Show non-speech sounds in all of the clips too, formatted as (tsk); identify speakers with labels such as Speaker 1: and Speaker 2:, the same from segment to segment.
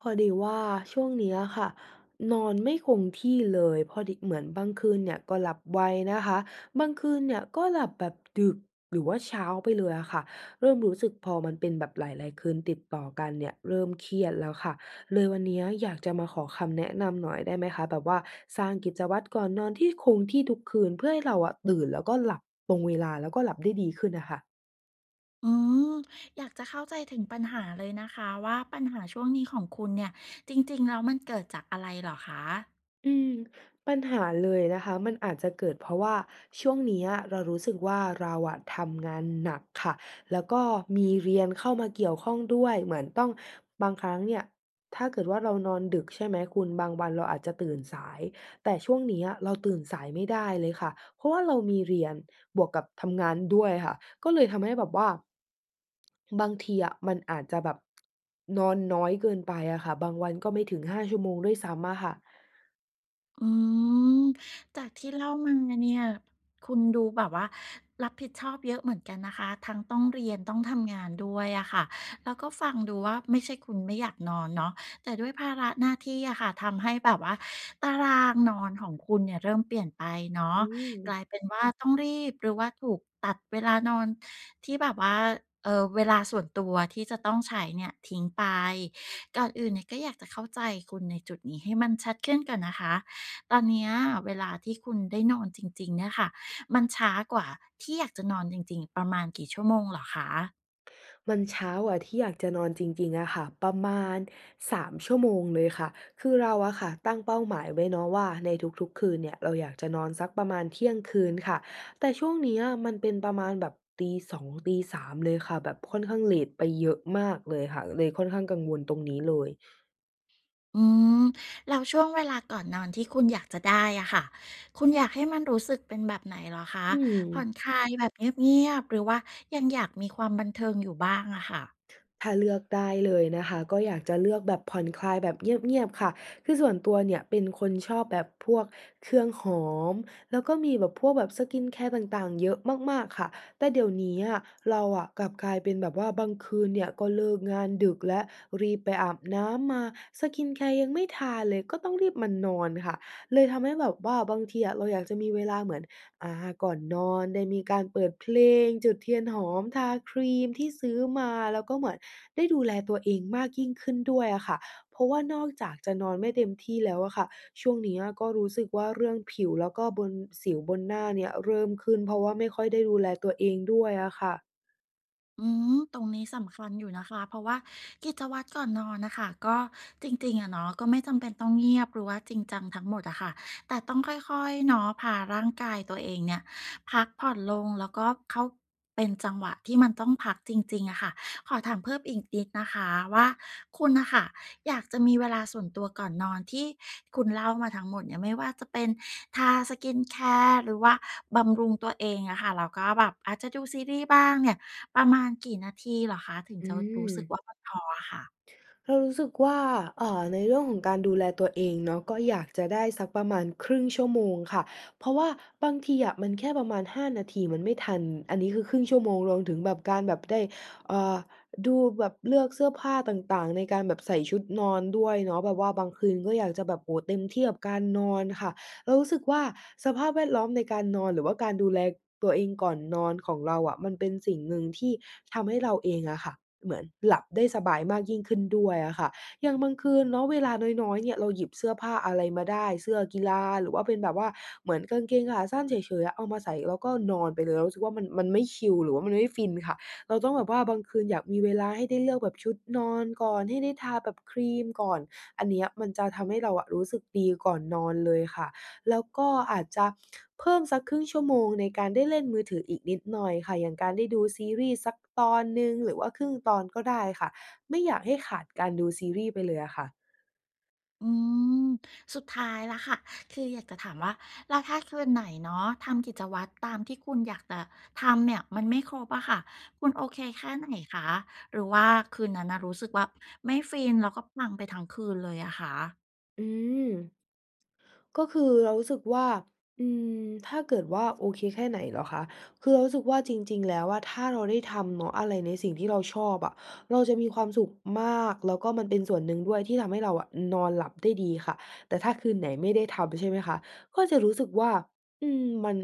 Speaker 1: พอดีว่า ช่วงนี้อะค่ะนอนไม่คงที่เลย พอ ด เหมือนบางคืนเนี่ยก็หลับไวนะคะ บางคืนเนี่ยก็หลับแบบดึก หรือว่าเช้าไปเลยอะค่ะ เริ่มรู้สึกพอมันเป็นแบบหลาย ๆ คืนติดต่อกันเนี่ยเริ่มเครียดแล้วค่ะ เลยวันเนี้ยอยากจะมาขอคำแนะนำหน่อยได้ไหมคะ แบบว่าสร้างกิจวัตรก่อนนอนที่คงที่ทุกคืน เพื่อให้เราอะตื่นแล้วก็หลับตรงเวลา แล้วก็หลับได้ดีขึ้นน่ะค่ะ?
Speaker 2: อืม อยากจะเข้าใจถึงปัญหาเลยนะคะว่า ปัญหาช่วงนี้ของคุณเนี่ย จริง ๆ แล้วมันเกิดจากอะไรเหรอคะ?
Speaker 1: อืม ปัญหาเลยนะคะ มันอาจจะเกิด เพราะว่าช่วงเนี้ยเรารู้สึกว่า เราอะทำงาน หนัก ค่ะ แล้วก็มีเรียนเข้ามาเกี่ยวข้องด้วย เหมือนต้องบางครั้งเนี่ยถ้าเกิดว่า เรานอนดึก ใช่ไหมคุณ บางวันเราอาจจะตื่นสาย แต่ช่วงเนี้ยเรา ตื่นสายไม่ได้เลยค่ะ เพราะว่าเรามีเรียนบวกกับทำงานด้วยค่ะ ก็เลยทำให้แบบว่า บางที อะมันอาจจะแบบ นอนน้อยเกินไปอะค่ะ บางวันก็ไม่ถึง 5 ชั่วโมงด้วยซ้ำอะค่ะ
Speaker 2: อืม จากที่เล่ามาเนี่ย คุณดูแบบว่า รับผิดชอบเยอะเหมือนกันนะคะ ทั้งต้องเรียน ต้องทำงานด้วยอะค่ะ แล้วก็ฟังดูว่า ไม่ใช่คุณไม่อยากนอนเนาะ แต่ด้วยภาระหน้าที่อะค่ะ ทำให้แบบว่า ตารางนอนของคุณเนี่ยเริ่มเปลี่ยนไปเนา
Speaker 1: อ
Speaker 2: ะ
Speaker 1: ื
Speaker 2: ก
Speaker 1: ม
Speaker 2: ลายเป็นว่าต้องรีบ หรือว่าถูกตัดเวลานอน ที่แบบว่า เออ เวลาส่วนตัวที่จะต้องใช้เนี่ยทิ้งไป ก่อนอื่นเนี่ยก็อยากจะเข้าใจคุณในจุดนี้ให้มันชัดขึ้นก่อนนะคะ ตอนเนี้ยเวลาที่คุณได้นอนจริง ๆ เนี่ยค่ะ มันช้ากว่าที่อยากจะนอนจริง ๆ ประมาณกี่ชั่วโมงเหรอคะ?
Speaker 1: มันเช้าอะ ที่อยากจะนอนจริง ๆ อะค่ะ ประมาณ 3 ชั่วโมงเลยค่ะ คือเราอะค่ะตั้งเป้าหมายไว้เนาะว่า ในทุก ๆ คืนเนี่ย เราอยากจะนอนสักประมาณเที่ยงคืนค่ะ แต่ช่วงเนี้ยมันเป็นประมาณแบบตี 2 ตี 3 เลยค่ะ แบบค่อนข้างเลตไปเยอะมากเลยค่ะ เลยค่อนข้างกังวลตรง นี้เลย
Speaker 2: อืม แล้วช่วงเวลาก่อนนอนที่คุณอยากจะได้อะค่ะ คุณอยากให้มันรู้สึกเป็นแบบไหนเหรอคะ?
Speaker 1: อื
Speaker 2: ผ่อ
Speaker 1: ม
Speaker 2: นคลายแบบเงียบ ๆ หรือว่ายังอยากมีความบันเทิงอยู่บ้างอะค่ะ?
Speaker 1: ถ้าเลือกได้เลยนะคะ ก็อยากจะเลือกแบบผ่อนคลายแบบเงียบ ๆ ค่ะ คือส่วนตัวเนี่ย เป็นคนชอบแบบพวกเครื่องหอม แล้วก็มีแบบพวกแบบ สกินแคร์ ต่าง ๆ เยอะมาก ๆ ค่ะ แต่เดี๋ยวนี้อะ เราอะกลับกลายเป็นแบบว่า บางคืนเนี่ยก็เลิกงานดึกแล้วรีบไปอาบน้ำมา สกินแคร์ ยังไม่ทาเลย ก็ต้องรีบมานอนค่ะ เลยทำให้แบบว่าบางทีอะเราอยากจะมีเวลาเหมือน อา ก่อนนอนได้มีการเปิดเพลง จุดเทียนหอม ทาครีมที่ ซื้อมา แล้วก็เหมือนได้ดูแลตัวเองมากยิ่งขึ้นด้วยอะค่ะ เพราะว่านอกจากจะนอนไม่เต็มที่แล้วอะค่ะ ช่วงเนี้ยก็รู้สึกว่า เรื่องผิวแล้วก็บน สิวบนหน้าเนี่ยเริ่มขึ้น เพราะว่าไม่ค่อยได้ดูแลตัวเองด้วยอะค่ะ
Speaker 2: อือ ตรงนี้สำคัญอยู่นะคะ เพราะว่ากิจวัตรก่อนนอนน่ะค่ะ ก็จริง ๆ อะเนาะ ก็ไม่จำเป็นต้องเงียบหรือว่าจริงจังทั้งหมดอะค่ะ แต่ต้องค่อย ๆ เนาะ พาร่างกายตัวเองเนี่ยพักผ่อนลง แล้วก็เข้า เป็นจังหวะที่มันต้องพักจริง ๆ อะค่ะ ขอถามเพิ่มอีกนิดนะคะว่า คุณน่ะค่ะอยากจะมีเวลาส่วนตัวก่อนนอนที่คุณเล่ามาทั้งหมดเนี่ย ไม่ว่าจะเป็นทา skin care หรือว่าบำรุงตัวเองอะค่ะ แล้วก็แบบอาจจะดูซีรีส์บ้างเนี่ย ประมาณกี่นาทีเหรอคะถึง
Speaker 1: อ
Speaker 2: จะรู้สึก
Speaker 1: ือ
Speaker 2: ว่ามันพออะค่ะ?
Speaker 1: เรารู้สึกว่า อ่า ในเรื่องของการดูแลตัวเองเนาะ ก็อยากจะได้สักประมาณ 1/2 ชั่วโมงค่ะ เพราะว่าบางทีอะมันแค่ประมาณ 5 นาทีมันไม่ทัน อันนี้คือ 1/2 ชั่วโมง รวมถึงแบบการแบบได้ อ่า ดูแบบเลือกเสื้อผ้าต่าง ๆ ในการแบบใส่ชุดนอนด้วยเนาะ แบบว่าบางคืนก็อยากจะแบบ โอ้โฮ เต็มที่กับการนอนค่ะ เรารู้สึกว่า สภาพแวดล้อมในการนอน หรือว่าการดูแลตัวเองก่อนนอนของเราอะ มันเป็นสิ่งหนึ่งที่ทำให้เราเองอะค่ะ เหมือนหลับได้สบายมากยิ่งขึ้นด้วยอะค่ะ อย่างบางคืนเนาะ เวลาน้อย ๆ เนี่ย เราหยิบเสื้อผ้าอะไรมาได้ เสื้อกีฬา หรือว่าเป็นแบบว่าเหมือนกางเกงขาสั้นเฉย ๆ อะ เอามาใส่ แล้วก็นอนไปเลย เรารู้สึกว่า มัน มันไม่ชิลหรือว่ามันไม่ฟินค่ะ เราต้องแบบว่าบางคืนอยากมีเวลาให้ได้เลือกแบบชุดนอนก่อน ให้ได้ทาแบบครีมก่อน อันเนี้ยมันจะทำให้เราอะรู้สึกดีก่อนนอนเลยค่ะ แล้วก็อาจจะเพิ่มสัก 1/2 ชั่วโมงในการได้เล่นมือถืออีกนิดหน่อยค่ะ อย่างการได้ดูซีรีส์สักตอนหนึ่งหรือว่าครึ่งตอนก็ได้ค่ะ ไม่อยากให้ขาดการดูซีรีส์ไปเลยอะค่ะ
Speaker 2: อืม สุดท้ายแล้วค่ะ คืออยากจะถามว่า แล้วถ้าคืนไหนเนาะทำกิจวัตรตามที่คุณอยากตะทำเนี่ยมันไม่ครบอะค่ะ คุณโอเคแค่ไหนคะ? หรือว่าคืนนั้นน่ะรู้สึกว่าไม่ฟิน แล้วก็ปังไปทั้งคืนเลยอะคะ?
Speaker 1: อืม ก็คือเรารู้สึกว่า อืม ถ้าเกิดว่าโอเคแค่ไหนเหรอคะ? คือเรารู้สึกว่าจริง ๆ แล้วอะ ถ้าเราได้ทำเนาะ อะไรในสิ่งที่เราชอบอะ เราจะมีความสุขมาก แล้วก็มันเป็นส่วนหนึ่งด้วยที่ทำให้เราอะนอนหลับได้ดีค่ะ แต่ถ้าคืนไหนไม่ได้ทำ ใช่ไหมคะ ก็จะรู้สึกว่า อืม มัน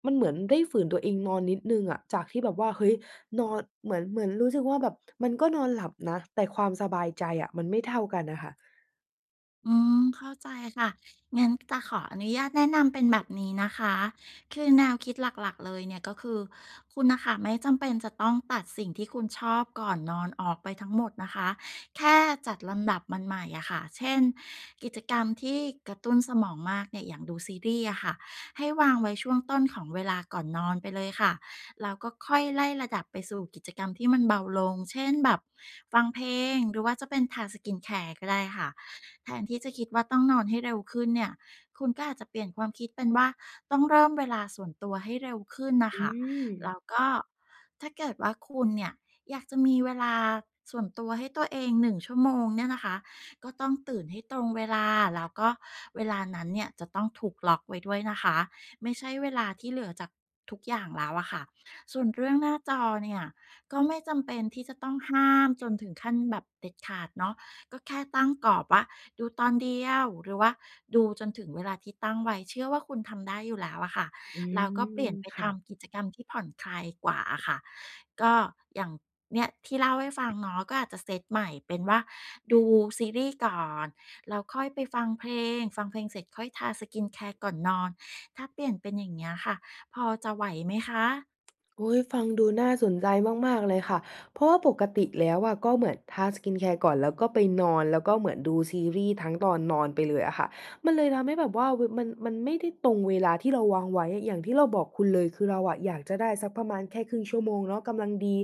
Speaker 1: (tsk) มันเหมือนได้ฝืนตัวเองนอนนิดหนึ่งอะ จากที่แบบว่า เฮ้ย! นอนเหมือน เหมือนรู้สึกว่า แบบมันก็นอนหลับนะ แต่ความสบายใจอะ มันไม่เท่ากันน่ะค่ะ
Speaker 2: อืม เข้าใจค่ะ งั้นจะขออนุญาตแนะนำเป็นแบบนี้นะคะ คือแนวคิดหลัก ๆ เลยเนี่ย ก็คือ คุณน่ะค่ะ ไม่จำเป็นจะต้องตัดสิ่งที่คุณชอบก่อนนอนออกไปทั้งหมดนะคะ แค่จัดลำดับมันใหม่อะค่ะ เช่น กิจกรรมที่กระตุ้นสมองมากเนี่ย อย่างดูซีรีส์อะค่ะ ให้วางไว้ช่วงต้นของเวลาก่อนนอนไปเลยค่ะ แล้วก็ค่อยไล่ระดับไปสู่กิจกรรมที่มันเบาลง เช่น แบบฟังเพลง หรือว่าจะเป็นทา skincare ก็ได้ค่ะ แทนที่จะคิดว่าต้องนอนให้เร็วขึ้นเนี่ย คุณก็อาจจะเปลี่ยนความคิดเป็นว่า ต้องเริ่มเวลาส่วนตัวให้เร็วขึ้นน่ะ
Speaker 1: อ
Speaker 2: ค
Speaker 1: ื
Speaker 2: ่ะ แล้
Speaker 1: ม
Speaker 2: วก็ถ้าเกิดว่าคุณเนี่ย อยากจะมีเวลาส่วนตัวให้ตัวเอง 1 ชั่วโมง เนี่ยนะคะ ก็ต้องตื่นให้ตรงเวลา แล้วก็เวลานั้นเนี่ย จะต้องถูกล็อกไว้ด้วยนะคะ ไม่ใช่เวลาที่เหลือจากทุกอย่างแล้วอะค่ะ ส่วนเรื่องหน้าจอเนี่ย ก็ไม่จำเป็นที่จะต้องห้ามจนถึงขั้นแบบเด็ดขาดเนาะ ก็แค่ตั้งกรอบว่า ดูตอนเดียว หรือว่าดูจนถึงเวลาที่ตั้งไว้ เชื่อว่าคุณทำได้อยู่แล้วอะค่ะ
Speaker 1: อื
Speaker 2: แล้วก็เปลี
Speaker 1: ม
Speaker 2: ่ยนไป
Speaker 1: ค
Speaker 2: ท
Speaker 1: ่ะ
Speaker 2: ำกิจกรรมที่ผ่อนคลายกว่าอะค่ะ ก็อย่าง เนี่ย ที่เล่าให้ฟังเนาะ ก็อาจจะเซตใหม่เป็นว่า ดูซีรีส์ก่อน แล้วค่อยไปฟังเพลง ฟังเพลงเสร็จค่อยทา skincare ก่อนนอน ถ้าเปลี่ยนเป็นอย่างเงี้ยค่ะ พอจะไหวไหมคะ?
Speaker 1: โอ๊ย! ฟังดูน่าสนใจมาก ๆ เลยค่ะ เพราะว่าปกติแล้วอะ ก็เหมือนทา skincare ก่อน แล้วก็ไปนอน แล้วก็เหมือนดูซีรีส์ทั้งตอนนอนไปเลยอะค่ะ มันเลยทำให้แบบว่า เว มัน มันไม่ได้ตรงเวลาที่เราวางไว้ อย่างที่เราบอกคุณเลย คือเราอะอยากจะได้สักประมาณแค่ 1/2 ชั่วโมงเนาะ กำลังดี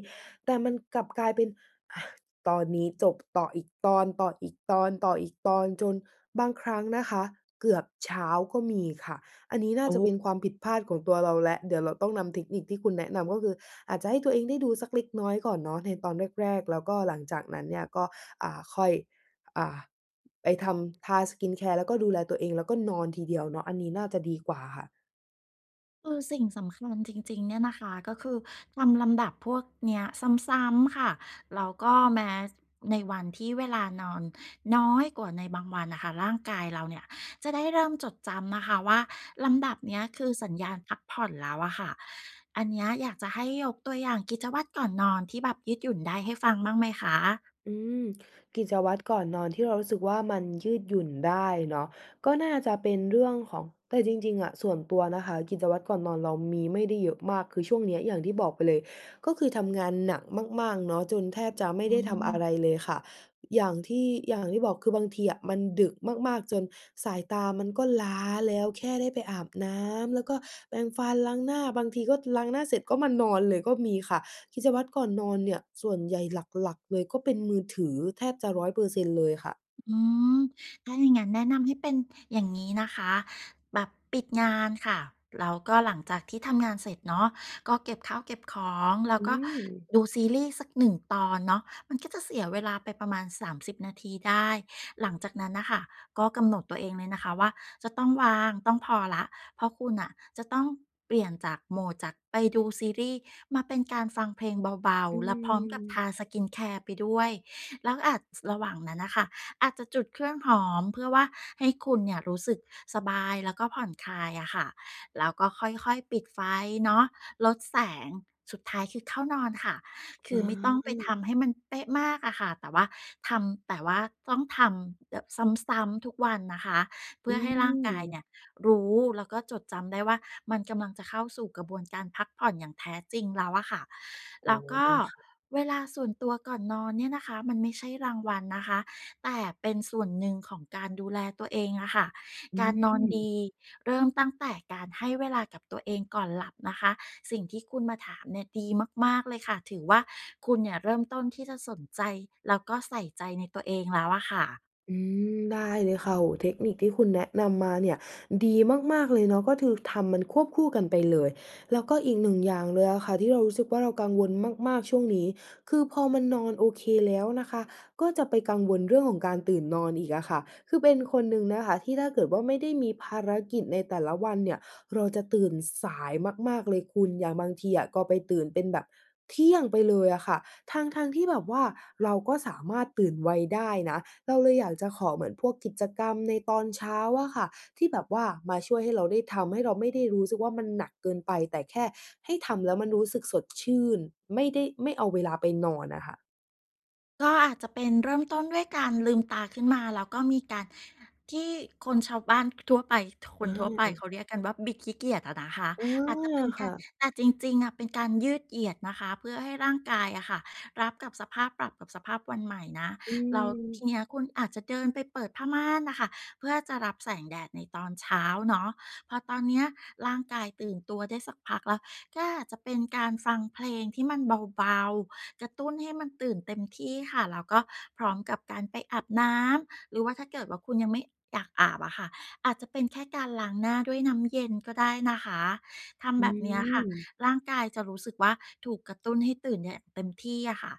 Speaker 1: แต่มันกลับกลายเป็น อะ ตอนนี้จบ ต่ออีกตอน ต่ออีกตอน ต่ออีกตอน จนบางครั้งนะคะ เกือบเช้าก็มีค่ะ อันนี้น่
Speaker 2: โ
Speaker 1: า
Speaker 2: อ
Speaker 1: จะเ
Speaker 2: ้
Speaker 1: ป็นความผิดพลาดของตัวเราแล้ว เดี๋ยวเราต้องนำเทคนิคที่คุณแนะนำ ก็คืออาจจะให้ตัวเองได้ดูสักเล็กน้อยก่อนเนาะ ในตอนแรก ๆ แล้วก็หลังจากนั้นเนี่ย ก็ อ่า ค่อย อ่า ไปทำ ทา skincare แล้วก็ดูแลตัวเอง แล้วก็นอนทีเดียวเนาะ อันนี้น่าจะดีกว่าค่ะ
Speaker 2: คือสิ่งสำคัญจริง ๆ เนี่ยนะคะ ก็คือทำลำดับพวกเนี้ยซ้ำ ๆ ค่ะ แล้วก็แม้ ส ในวันที่เวลานอนน้อยกว่าในบางวันน่ะค่ะ ร่างกายเราเนี่ยจะได้เริ่มจดจำนะคะว่า ลำดับเนี้ย คือ สัญญาณพักผ่อนแล้วอะค่ะ อันเนี้ยอยากจะให้ยกตัวอย่างกิจวัตรก่อนนอนที่แบบยืดหยุ่นได้ให้ฟังบ้างไหมคะ?
Speaker 1: อืม กิจวัตรก่อนนอนที่เรารู้สึกว่ามันยืดหยุ่นได้เนาะ ก็น่าจะเป็นเรื่องของ แต่จริง ๆ อะ ส่วนตัวนะคะ กิจวัตรก่อนนอนเรามีไม่ได้เยอะมาก คือช่วงเนี่ยอย่างที่บอกไปเลย ก็คือทำงานหนักมาก ๆ เนาะ จนแทบจะไม่
Speaker 2: อื
Speaker 1: ได้ทำอะไ
Speaker 2: ม
Speaker 1: รเลยค่ะ อย่างที่ อย่างที่บอก คือบางทีอะมันดึกมาก ๆ จนสายตามันก็ล้าแล้ว แค่ได้ไปอาบน้ำ แล้วก็แปรงฟันล้างหน้า บางทีก็ล้างหน้าเสร็จก็มานอนเลยก็มีค่ะ กิจวัตรก่อนนอนเนี่ย ส่วนใหญ่หลัก ๆ เลยก็เป็นมือถือแทบจะ 100% เลยค่ะ
Speaker 2: อืม ถ้าอย่างงั้นแนะนำให้เป็นอย่างงี้นะคะ แบบปิดงานค่ะ แล้วก็หลังจากที่ทำงานเสร็จเนาะ ก็เก็บข้าวเก็บของ แล้
Speaker 1: อ
Speaker 2: ว
Speaker 1: ื
Speaker 2: ก็
Speaker 1: ม
Speaker 2: ดูซีรีส์สักหนึ่งตอนเนาะ มันก็จะเสียเวลาไปประมาณ 30 นาทีได้ หลังจากนั้นน่ะค่ะ ก็กำหนดตัวเองเลยนะคะว่า จะต้องวาง ต้องพอแล้ว เพราะคุณน่ะจะต้องเปลี่ยนจาก Mode จากไปดูซีรีส์มาเป็นการฟังเพลงเบา
Speaker 1: อื
Speaker 2: ๆ แล้วพร้อมกับท
Speaker 1: ม
Speaker 2: า skin care ไปด้วย แล้วอาจ จ ระหว่างนั้นน่ะค่ะ อาจจะจุดเครื่องหอม เพื่อว่าให้คุณเนี่ยรู้สึกสบาย แล้วก็ผ่อนคลายอะค่ะ แล้วก็ค่อย ๆ ปิดไฟเนาะ ลดแสง สุดท้ายคือเข้านอนค่ะ ค
Speaker 1: อ
Speaker 2: ือไม่ต้องไปท
Speaker 1: า
Speaker 2: ำให้มันเป๊ะมากอะค่ะ แต่ว่าทำ แต่ว่าต้องทำแบบซ้ำ ๆ ทุกวันนะคะ เพื
Speaker 1: อ
Speaker 2: ่
Speaker 1: ื
Speaker 2: อให้ร่างกาย
Speaker 1: ม
Speaker 2: เนี่ยรู้ แล้วก็จดจำได้ว่า มันกำลังจะเข้าสู่กระบวนการพักผ่อนอย่างแท้จริงแล้วอะค่ะ
Speaker 1: อ
Speaker 2: แ
Speaker 1: ๋
Speaker 2: ล
Speaker 1: อ
Speaker 2: ้วก็
Speaker 1: ค่ะ
Speaker 2: เวลาส่วนตัวก่อนนอนเนี่ยนะคะ มันไม่ใช่รางวัลนะคะ แต่เป็นส่วนหนึ่งของการดูแลตัวเองอะค่ะ
Speaker 1: อื
Speaker 2: การนอนด
Speaker 1: ม
Speaker 2: ีเริ่มตั้งแต่การให้เวลากับตัวเองก่อนหลับนะคะ สิ่งที่คุณมาถามเนี่ยดีมาก ๆ เลยค่ะ ถือว่าคุณเนี่ยเริ่มต้นที่จะสนใจ แล้วก็ใส่ใจในตัวเองแล้วอะค่ะ
Speaker 1: อืม ได้เลยค่ะ โอ้โฮ เทคนิคที่คุณแนะนำมาเนี่ย ดีมาก ๆ เลยเนาะ ก็คือทำมันควบคู่กันไปเลย แล้วก็อีกหนึ่งอย่างเลยอะค่ะที่เรารู้สึกว่าเรากังวลมาก ๆ ช่วงนี้ คือพอมันนอนโอเคแล้วนะคะ ก็จะไปกังวลเรื่องของการตื่นนอนอีกอะค่ะ คือเป็นคนหนึ่งนะคะที่ถ้าเกิดว่าไม่ได้มีภารกิจในแต่ละวันเนี่ย เราจะตื่นสายมาก ๆ เลยคุณ อย่างบางทีอะก็ไปตื่นเป็นแบบเที่ยงไปเลยอะค่ะ ทั้ง ๆ ที่แบบว่า เราก็สามารถตื่นไวได้นะ เราเลยอยากจะขอเหมือนพวกกิจกรรมในตอนเช้าอะค่ะที่แบบว่า มาช่วยให้เราได้ทำ ให้เราไม่ได้รู้สึกว่ามันหนักเกินไป แต่แค่ให้ทำแล้วมันรู้สึกสดชื่น ไม่ได้ ไม่เอาเวลาไปนอนอะค่ะ
Speaker 2: ก็อาจจะเป็นเริ่มต้นด้วยการลืมตาขึ้นมา แล้วก็มีการที่ คนชาวบ้าน ท ทั่วไป ท ค
Speaker 1: อ
Speaker 2: นทั่วไปเข
Speaker 1: า
Speaker 2: าเรียกกันว่า บิดขี้เกียจอะนะคะ
Speaker 1: อา
Speaker 2: อาจจะเป็นก
Speaker 1: ค
Speaker 2: า
Speaker 1: ่
Speaker 2: ร
Speaker 1: ะ
Speaker 2: แต่จริง ๆ อะ เป็นการยืดเหยียดนะคะ เพื่อให้ร่างกายอะค่ะ รับกับสภาพ ปรับกับสภาพวันใหม่นะ
Speaker 1: อื
Speaker 2: แล้วท
Speaker 1: ม
Speaker 2: ีเนี้ยคุณอาจจะเดินไปเปิดผ้าม่านน่ะค่ะ เพื่อจะรับแสงแดดในตอนเช้าเนาะ พอตอนเนี้ยร่างกายตื่นตัวได้สักพักแล้ว ก็อาจจะเป็นการฟังเพลงที่มันเบา ๆ กระตุ้นให้มันตื่นเต็มที่ค่ะ แล้วก็พร้อมกับการไปอาบน้ำ หรือว่าถ้าเกิดว่าคุณยังไม่ อยากอาบอะค่ะ อาจจะเป็นแค่การล้างหน้าด้วยน้ำเย็นก็ได้นะคะ ท
Speaker 1: อ
Speaker 2: ำแ
Speaker 1: ื
Speaker 2: บบเนี้ยค่ะ
Speaker 1: ม
Speaker 2: ร่างกายจะรู้สึกว่าถูกกระตุ้นให้ตื่นเนี่ยเต็มที่อะค่ะ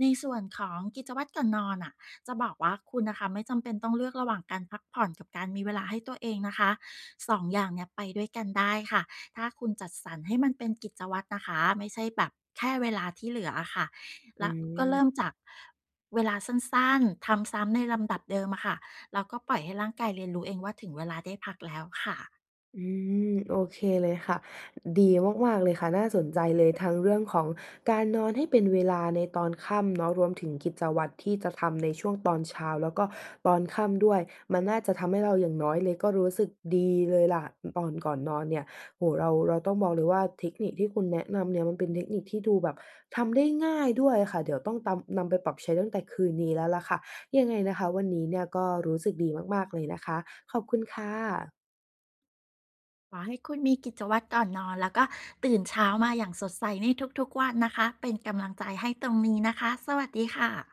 Speaker 2: ในส่วนของกิจวัตรก่อนนอนน่ะ จะบอกว่าคุณน่ะค่ะ ไม่จำเป็นต้องเลือกระหว่างการพักผ่อนกับการมีเวลาให้ตัวเองนะคะ 2 อย่างเนี้ย ไปด้วยกันได้ค่ะ ถ้าคุณจัดสรรให้มันเป็นกิจวัตรนะคะ ไม่ใช่แบบแค่เวลาที่เหลืออะค่ะ
Speaker 1: อ
Speaker 2: แล
Speaker 1: ื
Speaker 2: ้วก็เร
Speaker 1: ม
Speaker 2: ิ่มจาก เวลาสั้น ๆ ทำซ้ำในลำดับเดิมอะค่ะ แล้วก็ปล่อยให้ร่างกายเรียนรู้เองว่า ถึงเวลาได้พักแล้วค่ะ
Speaker 1: อืม โอเคเลยค่ะ ดีมาก ๆ เลยค่ะ น่าสนใจเลย ทั้งเรื่องของการนอนให้เป็นเวลาในตอนค่ำเนาะ รวมถึงกิจวัตรที่จะทำในช่วงตอนเช้า แล้วก็ตอนค่ำด้วย มันน่าจะทำให้เราอย่างน้อยเลยก็รู้สึกดีเลยล่ะ อ ตอนก่อนนอนเนี่ย โอ้โฮ เรา เราต้องบอกเลยว่า เทคนิคที่คุณแนะนำเนี่ย มันเป็นเทคนิคที่ดูแบบทำได้ง่ายด้วยอะค่ะ เดี๋ยวต้องตำ นำไปปรับใช้ตั้งแต่คืนนี้แล้วล่ะค่ะ ยังไงนะคะ วันนี้เนี่ยก็รู้สึกดีมาก ๆ เลยนะคะ ขอบคุณค่ะ
Speaker 2: ขอให้คุณมีกิจวัตรก่อนนอน แล้วก็ตื่นเช้ามาอย่างสดใสในทุก ๆ วันนะคะ เป็นกำลังใจให้ตรงนี้นะคะ สวัสดีค่ะ